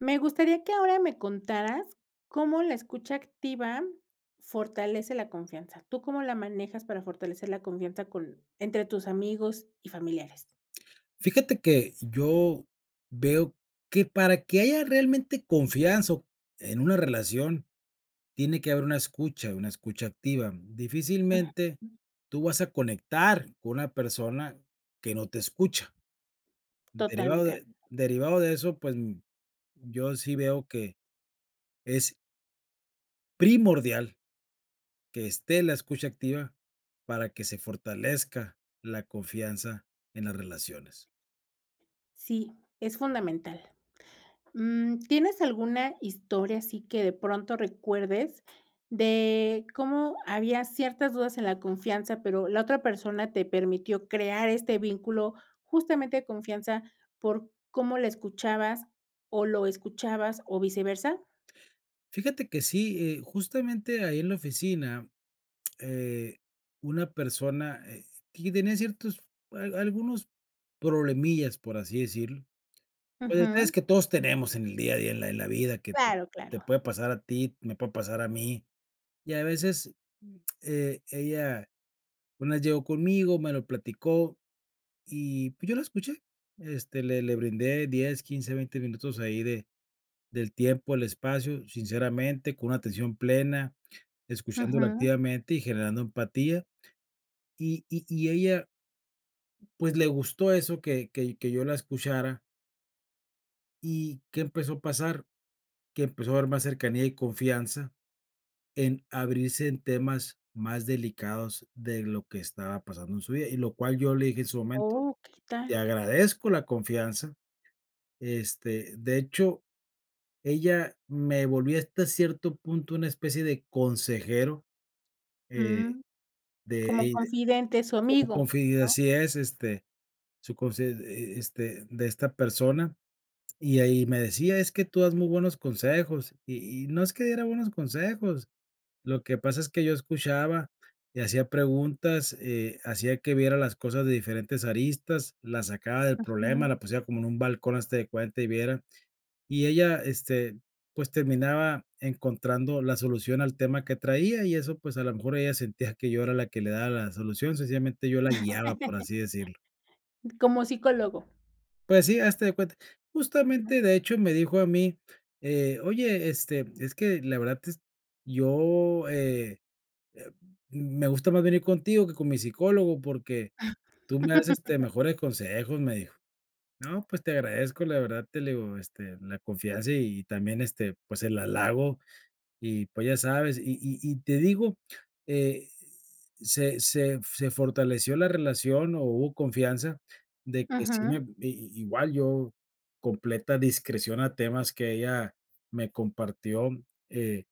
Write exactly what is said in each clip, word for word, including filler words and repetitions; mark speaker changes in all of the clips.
Speaker 1: Me gustaría que ahora me contaras cómo la escucha activa fortalece la confianza. ¿Tú cómo la manejas para fortalecer la confianza con entre tus amigos y familiares?
Speaker 2: Fíjate que yo veo que para que haya realmente confianza, o en una relación, tiene que haber una escucha, una escucha activa.
Speaker 1: Ujú.
Speaker 2: Difícilmente, tú vas a conectar con una persona que no te escucha. Derivado,
Speaker 1: Totalmente, de a
Speaker 2: de derivado de eso, pues, yo sí veo que es primordial que esté la escucha activa, para que se fortalezca la confianza en las relaciones.
Speaker 1: Sí, es fundamental. Mm, ¿tienes alguna historia así que de pronto recuerdes de cómo había ciertas dudas en la confianza, pero la otra persona te permitió crear este vínculo justamente de confianza, por cómo la escuchabas, o lo escuchabas, o viceversa?
Speaker 2: Fíjate que sí, eh, justamente ahí en la oficina. Eh, una persona, eh, que tenía ciertos a algunos problemillas por así decirlo. Los detalles
Speaker 1: Ujú.
Speaker 2: que todos tenemos en el día a día, en la en la vida que
Speaker 1: Claro,
Speaker 2: te
Speaker 1: claro.
Speaker 2: puede pasar a ti, me puede pasar a mí. Y a veces, e ella una vez llegó conmigo, me lo platicó, y, pues, yo la escuché. Este, le le brindé diez, quince, veinte minutos ahí de del tiempo, el espacio, sinceramente, con una atención plena, escuchándola
Speaker 1: Ujú.
Speaker 2: activamente y generando empatía. Y y y ella, pues, le gustó eso que que que yo la escuchara ¿Y qué empezó a pasar? Que empezó a haber más cercanía y confianza en abrirse en temas más delicados de lo que estaba pasando en su vida. Y lo cual yo le dije en su momento:
Speaker 1: ¡Oh, qué
Speaker 2: "Te
Speaker 1: tal!
Speaker 2: agradezco la confianza", este, de hecho, ella me volví hasta cierto punto una especie de consejero, eh,
Speaker 1: Mm,
Speaker 2: de
Speaker 1: como
Speaker 2: ella,
Speaker 1: confidente su
Speaker 2: como
Speaker 1: amigo
Speaker 2: confi eh,
Speaker 1: ¿No?
Speaker 2: así es, este, su confi e este de esta persona, y ahí me decía: "Es que tú das muy buenos consejos". Y y no es que diera buenos consejos, lo que pasa es que yo escuchaba y hacía preguntas, eh, hacía que viera las cosas de diferentes aristas, las sacaba del problema,
Speaker 1: Ujú.
Speaker 2: la pusiera como en un balcón haste de cuenta y viera. Y ella, este, pues, terminaba encontrando la solución al tema que traía, y eso pues, a lo mejor, ella sentía que yo era la que le daba la solución. Sencillamente yo la guiaba por así decirlo.
Speaker 1: Como psicólogo.
Speaker 2: Pues, sí hazte de cuenta justamente de hecho me dijo a mí, eh: "Oye, este, es que la verdad es, yo, eh, eh, m me gusta más venir contigo que con mi psicólogo porque tú me das este mejores consejos", me dijo. "No, pues, te agradezco, la verdad te" le digo: "Este la confianza, y también, este, pues, el halago". Y pues, ya sabes, y y y te digo, eh, se se se fortaleció la relación, o, hubo confianza de que sí me
Speaker 1: Ujú.
Speaker 2: a i igual, yo completa discreción a temas que ella me compartió, eh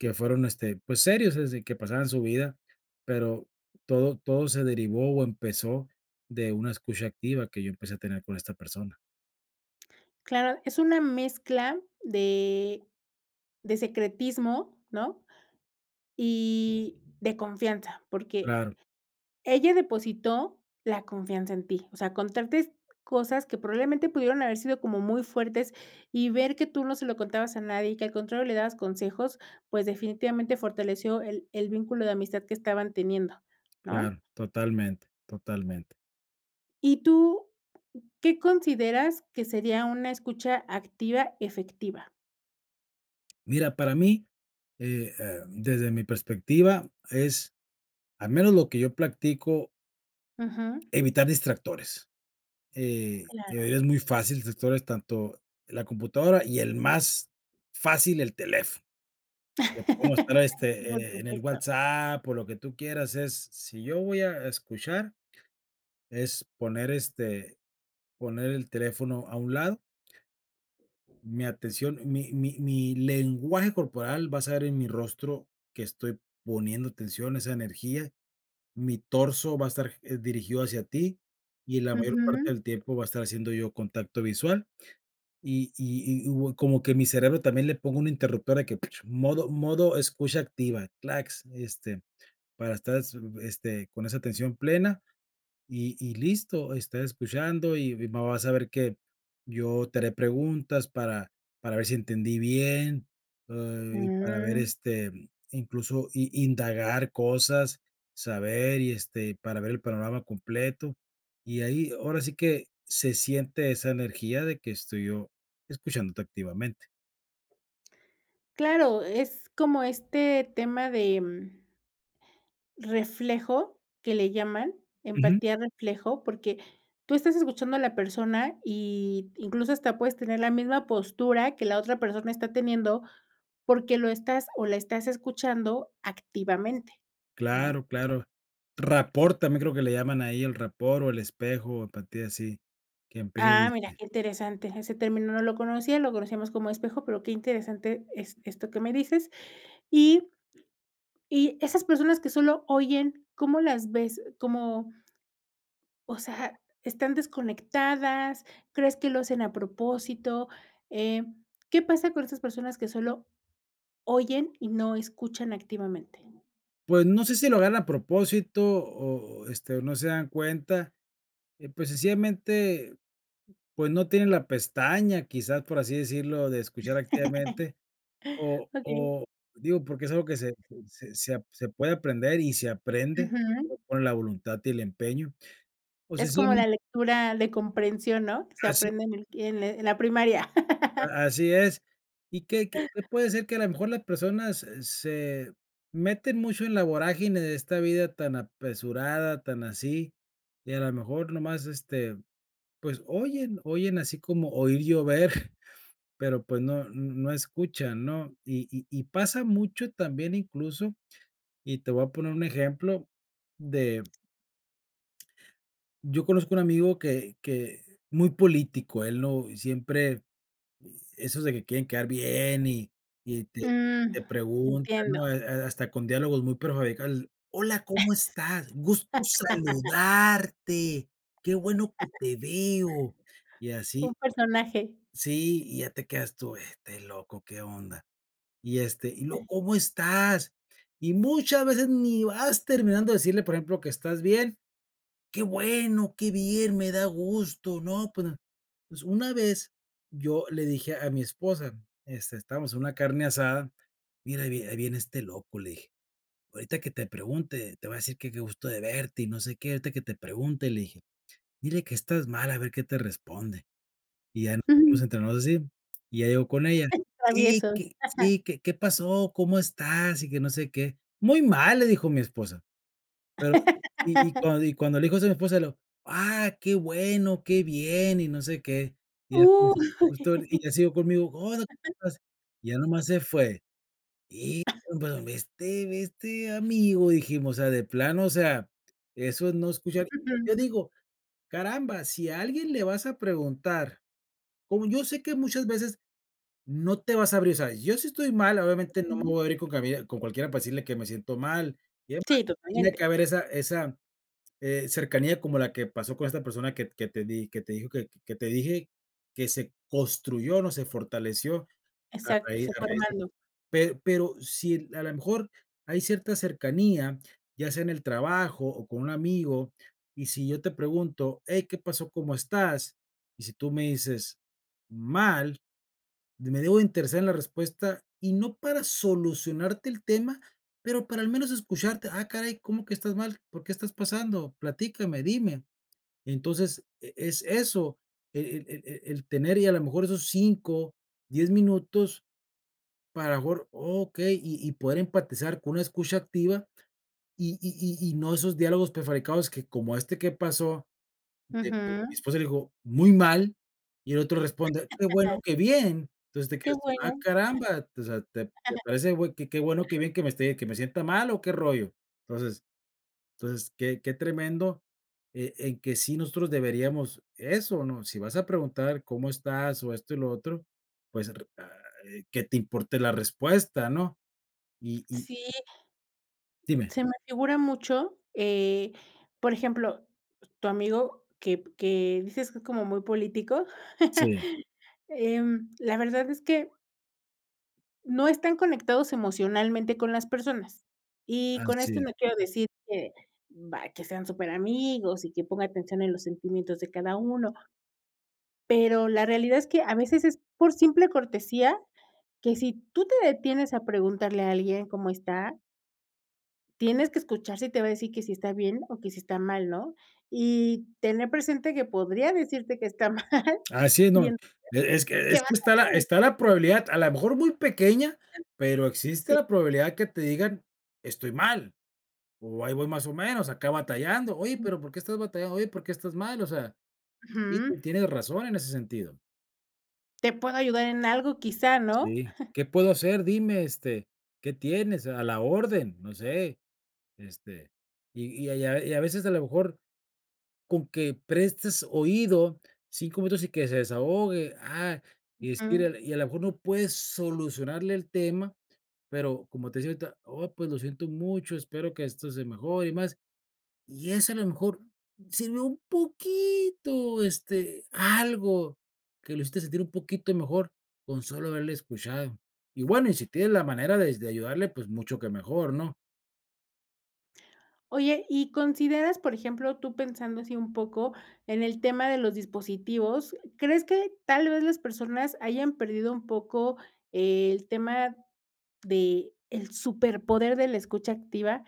Speaker 2: que fueron, este, pues, serios desde que pasaban su vida, pero todo todo se derivó, o, empezó de una escucha activa que yo empecé a tener con esta persona.
Speaker 1: Claro, es una mezcla de de secretismo, ¿no? Y de confianza, porque
Speaker 2: Claro.
Speaker 1: ella depositó la confianza en ti, o sea, contarte cosas que probablemente pudieron haber sido como muy fuertes, y ver que tú no se lo contabas a nadie, y que al contrario le dabas consejos, pues, definitivamente fortaleció el el vínculo de amistad que estaban teniendo, ¿no?
Speaker 2: Claro, totalmente, totalmente.
Speaker 1: ¿Y tú qué consideras que sería una escucha activa efectiva?
Speaker 2: Mira, para mí, eh eh, desde mi perspectiva, es, al menos lo que yo practico
Speaker 1: Ujú.
Speaker 2: evitar distractores. Eh, de
Speaker 1: Claro.
Speaker 2: verdad es muy fácil, distractores tanto la computadora, y el más fácil, el teléfono. Te pongo a esperar,
Speaker 1: Por
Speaker 2: este, en en el
Speaker 1: supuesto.
Speaker 2: WhatsApp, o lo que tú quieras, es, si yo voy a escuchar, es poner, este, poner el teléfono a un lado. Mi atención mi mi mi lenguaje corporal va a estar en mi rostro que estoy poniendo atención a esa energía. Mi torso va a estar g dirigido hacia ti, y la mayor parte
Speaker 1: Ujú.
Speaker 2: del tiempo va a estar haciendo yo contacto visual, y y y bue como que mi cerebro también le ponga un interruptor, que modo modo escucha activa, clacks, este, para estar s mm, este con esa atención plena. Y y listo, estás escuchando, y va vas a ver que yo te haré preguntas para para ver si entendí bien, eh, y para ver,
Speaker 1: Mm.
Speaker 2: este, incluso, i indagar cosas, saber y este para ver el panorama completo. Y ahí ahora sí que se siente esa energía de que estoy yo escuchándote activamente.
Speaker 1: Claro, es como este tema de, mm, reflejo que le llaman.
Speaker 2: Ujú.
Speaker 1: Empatía reflejo, porque tú estás escuchando a la persona y incluso hasta puedes tener la misma postura que la otra persona está teniendo, porque lo estás, o la estás escuchando activamente, ¿no?
Speaker 2: Claro, claro. Rapport también creo que le llaman ahí el rapport o el espejo, a partir así, quien [unintelligible]
Speaker 1: Ah, mira,
Speaker 2: diste.
Speaker 1: qué interesante, ese término no lo conocía, lo conocíamos como espejo, pero, qué interesante es esto que me dices, y y esas personas que solo oyen, ¿cómo las ves, cómo?, o sea, ¿están desconectadas? ¿Crees que lo hacen a propósito?, eh, ¿qué pasa con esas personas que solo, oyen y no escuchan activamente?
Speaker 2: Pues no sé si lo hagan a propósito, o o este, o no se dan cuenta. Eh, pues sencillamente, pues, no tienen la pestaña, quizá, por así decirlo, de escuchar activamente. O
Speaker 1: Okey.
Speaker 2: o digo, porque es algo que se se se ap se puede aprender, y se aprende
Speaker 1: Ujú.
Speaker 2: con la voluntad y el empeño. O
Speaker 1: Es como
Speaker 2: sencillamente.
Speaker 1: la lectura de comprensión, ¿no?, se
Speaker 2: Así
Speaker 1: aprende en el en en la primaria.
Speaker 2: A así es. Y que que que puede ser que a lo mejor las personas, eh, se meten mucho en la vorágine de esta vida tan apresurada, tan así, y a la mejor nomás, este, pues oyen oyen así como, oír llover, pero, pues, no no escuchan, ¿no?, y y y pasa mucho también incluso, y te voy a poner un ejemplo de Yo conozco un amigo que que muy político él no, y siempre esos de que quieren quedar bien y-y te
Speaker 1: Mm,
Speaker 2: te preguntan,
Speaker 1: entiendo.
Speaker 2: ¿no?, eh, eh, hasta con diálogos muy prefabricados: "Hola, ¿cómo estás?, gusto saludarte, qué bueno que te veo". Y
Speaker 1: Un
Speaker 2: así.
Speaker 1: personaje.
Speaker 2: Sí, y ya te quedas tú, este loco, ¿qué onda?, y este, y luego,
Speaker 1: Ajá.
Speaker 2: ¿cómo estás?, y muchas veces ni vas terminando de decirle, por ejemplo, que estás bien, qué bueno, qué bien, me da gusto, ¿no?, pues, pues, una vez yo le dije a mi esposa, este, estabamos en una carne asada, mira: "Ahí vi ahí viene este loco", le dije: "Ahorita que te pregunte, te va a decir que, qué gusto de verte y no sé qué", ahorita que te pregunte, le dije: "Dile que estás mal, a ver qué te responde". Y ya nos
Speaker 1: Ujú.
Speaker 2: entrenamos así, y ya llegó con ella: "Y
Speaker 1: Travieso.
Speaker 2: que, sí que, ¿qué pasó? ¿Cómo estás?", y que no sé qué. "Muy mal le dijo mi esposa", pero y y cuan y cuando le dijo eso mi esposa, le dijo: "Ah que bueno que bien y no sé qué". Y ya
Speaker 1: Uh.
Speaker 2: después que justo y ya siguió conmigo: "Hola ¿cómo estás?", ya nomás se fue. Y pero, ve este ve este amigo dijimos, o sea, de plano, o sea, eso no escucha y yo
Speaker 1: [unintelligible]
Speaker 2: digo, caramba, si alguien le vas a preguntar, como yo sé que muchas veces no te vas a abrir, ¿sabes? Yo sí estoy mal, obviamente no me
Speaker 1: Ujú.
Speaker 2: voy a abrir con cuabie con cualquiera para decirle que me siento mal y además,
Speaker 1: Sí,
Speaker 2: tiene que
Speaker 1: totalmente.
Speaker 2: haber esa esa, eh, cercanía como la que pasó con esta persona, que que te di que te dijo que que te dije que se construyó, no se fortaleció a
Speaker 1: Exacto,
Speaker 2: raíz
Speaker 1: se
Speaker 2: a
Speaker 1: fue
Speaker 2: raíz de
Speaker 1: armando.
Speaker 2: pe pero si, a lo mejor, hay cierta cercanía, ya sea en el trabajo o con un amigo, y si yo te pregunto: "Hey, ¿qué pasó? ¿Cómo estás?", y si tú me dices: "Mal", de me debo de interesar en la respuesta y no para solucionarte el tema, pero para al menos escucharte: "Ah, caray, ¿cómo que estás mal? ¿Por qué estás pasando?, platícame, dime". Entonces, e es eso, e e e el tener y a la mejor esos cinco, diez minutos para mejor okey, y y poder empatizar con una escucha activa, y y y y no esos diálogos prefabricados, que como este, que pasó, de que mi
Speaker 1: Ujú.
Speaker 2: esposa le dijo: "Muy mal" y el otro responde: "Qué bueno, que bien", entonces, te
Speaker 1: Qué
Speaker 2: quedas tú: "Ah
Speaker 1: bueno.
Speaker 2: caramba, o sea, te te parece güey que que bueno, que bien que me esté que me sienta mal o qué rollo", entonces, entonces, que que tremendo, eh, en que sí nosotros deberíamos eso, ¿no?, si vas a preguntar cómo estás, o esto y lo otro, pues, r ah. Eh, que te importe la respuesta, ¿no?, y y
Speaker 1: Sí.
Speaker 2: Dime.
Speaker 1: Se me figura mucho, eh, por ejemplo, tu amigo que que dices que es como muy político,
Speaker 2: Sí.
Speaker 1: em, la verdad es que no están conectados emocionalmente con las personas, y con esto
Speaker 2: Así.
Speaker 1: no quiero decir que, bah, que sean súper amigos, y que ponga atención en los sentimientos de cada uno. Pero la realidad es que, a veces es por simple cortesía, que si tú te detienes a preguntarle a alguien cómo está tienes que escuchar si te va a decir que si está bien o que si está mal, ¿no?, y tener presente que podría decirte que está mal,
Speaker 2: Así es, no,
Speaker 1: y entonces,
Speaker 2: e es que
Speaker 1: ¿qué
Speaker 2: es
Speaker 1: vas
Speaker 2: que está la
Speaker 1: a hacer?
Speaker 2: está la probabilidad, a la mejor muy pequeña, pero existe
Speaker 1: Sí.
Speaker 2: la probabilidad que te digan: "Estoy mal" o "ahí voy más o menos, acá batallando", oye, pero, ¿por qué estás batallando?, oye, ¿por qué estás mal?, o sea, sí
Speaker 1: Ujú.
Speaker 2: ten tienes razón en ese sentido.
Speaker 1: ¿Te puedo ayudar en algo quizá, no?
Speaker 2: Sí. ¿Qué puedo hacer?, dime este, ¿qué tienes?, a la orden no sé, este, y y, a y a y a veces a lo mejor, con que prestes oído cinco minutos y que se desahogue, ah, y es
Speaker 1: Ujú.
Speaker 2: ir y a lo mejor, no puedes solucionarle el tema, pero, como te decía ahorita: "Oh pues, lo siento mucho espero que esto se mejore y más". Y eso a lo mejor, si no un poquito, este, algo que lo hiciste sentir un poquito mejor con solo haberle escuchado. Y bueno, y si tienes la manera des de ayudarle, pues mucho que mejor, ¿no?
Speaker 1: Oye, ¿y consideras, por ejemplo, tú pensando así un poco en el tema de los dispositivos? ¿Crees que tal vez las personas hayan perdido un poco el tema de el superpoder de la escucha activa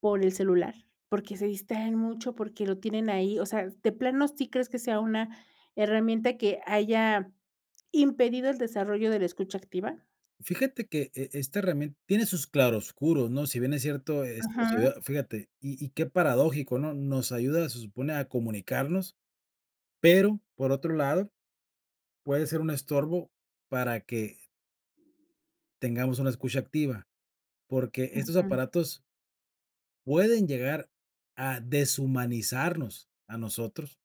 Speaker 1: por el celular? Porque se distraen mucho, porque lo tienen ahí, o sea, de plano sí crees que sea una herramienta que haya impedido el desarrollo de la escucha activa.
Speaker 2: Fíjate que e esta herramien tiene sus claroscuros ¿no? Si bien es cierto esto sería
Speaker 1: Ujú.
Speaker 2: fíjate, y y qué paradójico, ¿no? Nos ayuda, se supone, a comunicarnos, pero por otro lado puede ser un estorbo para que Tengamos una escucha activa, porque estos
Speaker 1: Ujú.
Speaker 2: aparatos Pueden llegar a deshumanizarnos a nosotros.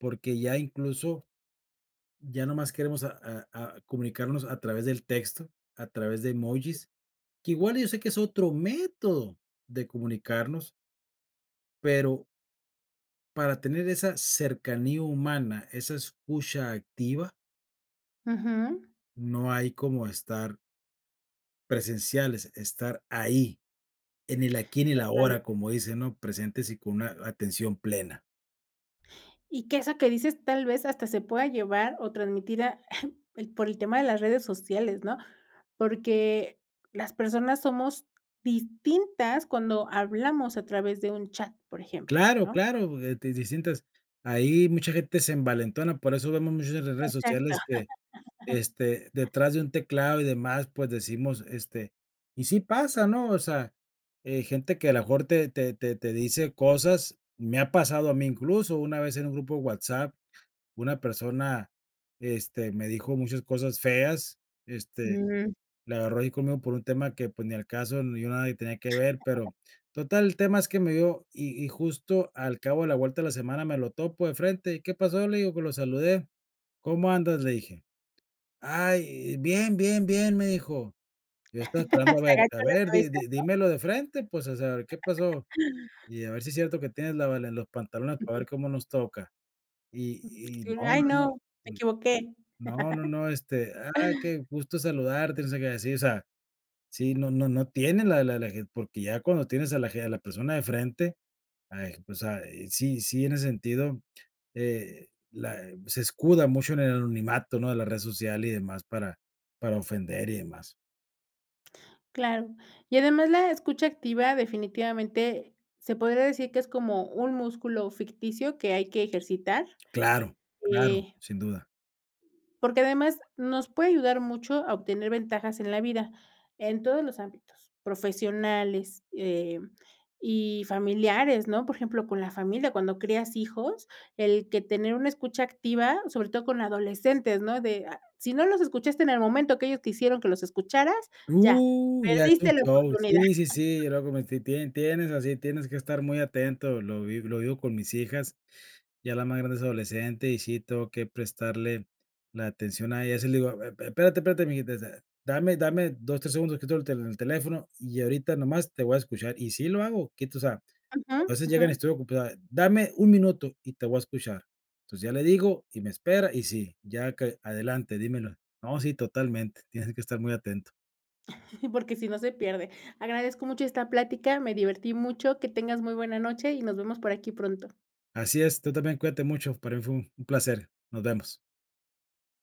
Speaker 2: Porque ya incluso ya nomás queremos a a comunicarnos a través del texto, a través de emojis, que igual yo sé que es otro método de comunicarnos. Pero para tener esa cercanía humana, esa escucha activa
Speaker 1: Ujú.
Speaker 2: no hay como estar presenciales, estar ahí en el aquí, y en el
Speaker 1: Total.
Speaker 2: ahora como dicen, ¿no? Presentes y con una atención plena.
Speaker 1: Y que esa que dices tal vez hasta se pueda llevar o transmitida por el tema de las redes sociales, ¿no? Porque las personas somos distintas cuando hablamos a través de un chat, por ejemplo,
Speaker 2: Claro,
Speaker 1: ¿no?
Speaker 2: claro, eh, di distintas ahí mucha gente se envalentona, por eso vemos muchas en las redes
Speaker 1: Exacto.
Speaker 2: sociales que, este, detrás de un teclado y demás, pues, decimos, este, y sí pasa, ¿no? O sea, eh, gente que a lo mejor te te te te dice cosas. Me ha pasado a mí incluso, una vez en un grupo de WhatsApp, una persona, este, me dijo muchas cosas feas, este,
Speaker 1: Ujú.
Speaker 2: la agarró ahí conmigo por un tema que, pues, ni al caso ni yo nada ahí tenía que ver. Pero total el tema es que me dio y y justo al cabo de la vuelta de la semana me lo topo de frente y, "¿Qué pasó?", le digo pues lo saludé: "¿Cómo andas?", le dije, "Ay bien bien bien" me dijo. Yo estaba esperando a
Speaker 1: Se
Speaker 2: ver a
Speaker 1: agachan la
Speaker 2: ver dí
Speaker 1: cabeza,
Speaker 2: dí
Speaker 1: ¿no?
Speaker 2: dímelo de frente pues o sea a ver, ¿qué pasó? Y a ver si es cierto que tienes la valen los pantalones para ver
Speaker 1: Ujú.
Speaker 2: cómo nos toca. Y
Speaker 1: Sí,
Speaker 2: y no
Speaker 1: ay,
Speaker 2: no no.
Speaker 1: no. Me
Speaker 2: Mm.
Speaker 1: equivoqué.
Speaker 2: No no no, este, ah, qué gusto saludarte, o sea, que decir. O sea, sí, no no no tiene la la la ge porque ya cuando tienes a la ge a la persona de frente, ah, pues, o sea, eh, sí sí, en ese sentido, eh, la se escuda mucho en el anonimato, ¿no?, de la red social y demás para para ofender y demás.
Speaker 1: Claro, y además la escucha activa definitivamente se podría decir que es como un músculo ficticio que hay que ejercitar.
Speaker 2: Claro, claro,
Speaker 1: Eh
Speaker 2: sin duda.
Speaker 1: Porque además nos puede ayudar mucho a obtener ventajas en la vida, en todos los ámbitos, profesionales, eh, y familiares, ¿no?, por ejemplo, con la familia, cuando crías hijos, el que tener una escucha activa, sobre todo con adolescentes, ¿no?, de, ah, si no los escuchaste en el momento que ellos quisieron que los escucharas, ya,
Speaker 2: Uh, ya es un
Speaker 1: perdiste la
Speaker 2: show.
Speaker 1: oportunidad.
Speaker 2: Sí, sí, sí, yo lo cometí, tie tienes así, tienes que estar muy atento, lo vi lo vivo con mis hijas, ya la más grande es adolescente y sí, tengo que prestarle la atención a ella, así le digo, e espérate, espérate, mijita, dame dame dos, tres segundos, quito el tel teléfono y ahorita nomás te voy a escuchar. Y sí lo hago, quito, o sea,
Speaker 1: Ujú,
Speaker 2: entonces llegan y
Speaker 1: ujú.
Speaker 2: estoy ocupad dame un minuto y te voy a escuchar, entonces ya le digo y me espera, y sí ya ca adelante dímelo, no sí, totalmente tienes que estar muy atento.
Speaker 1: Porque si no se pierde. Agradezco mucho esta plática, me divertí mucho, que tengas muy buena noche y nos vemos por aquí pronto.
Speaker 2: Así es, tú también cuídate mucho, para mí fue un un placer. Nos vemos.